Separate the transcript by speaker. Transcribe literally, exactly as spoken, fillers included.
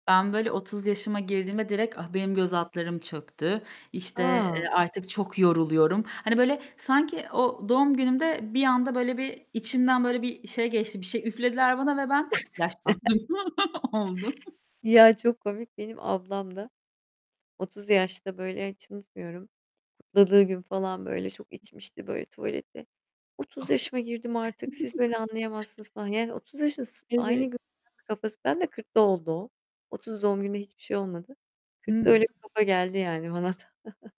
Speaker 1: Ben, böyle, otuz yaşıma girdiğimde direkt, ah, benim göz altlarım çöktü, işte,
Speaker 2: A!
Speaker 1: eee, artık çok yoruluyorum. Hani böyle, sanki, o doğum günümde bir anda böyle bir içimden böyle bir şey geçti bir şey üflediler bana ve ben yaşlandım oldu.
Speaker 2: Ya, çok komik. Benim ablam da otuz yaşta, böyle, hiç unutmuyorum, kutladığı gün falan, böyle, çok içmişti, böyle, tuvaleti. "otuz yaşıma girdim
Speaker 1: [unintelligible]
Speaker 2: artık. Siz beni anlayamazsınız." falan yani, otuz yaşındasın aynı
Speaker 1: Evet.
Speaker 2: gün kafası ben de kırkta oldu o. otuz doğum gününde hiçbir şey olmadı. kırkta
Speaker 1: Hıı.
Speaker 2: öyle bir kafa geldi yani bana da.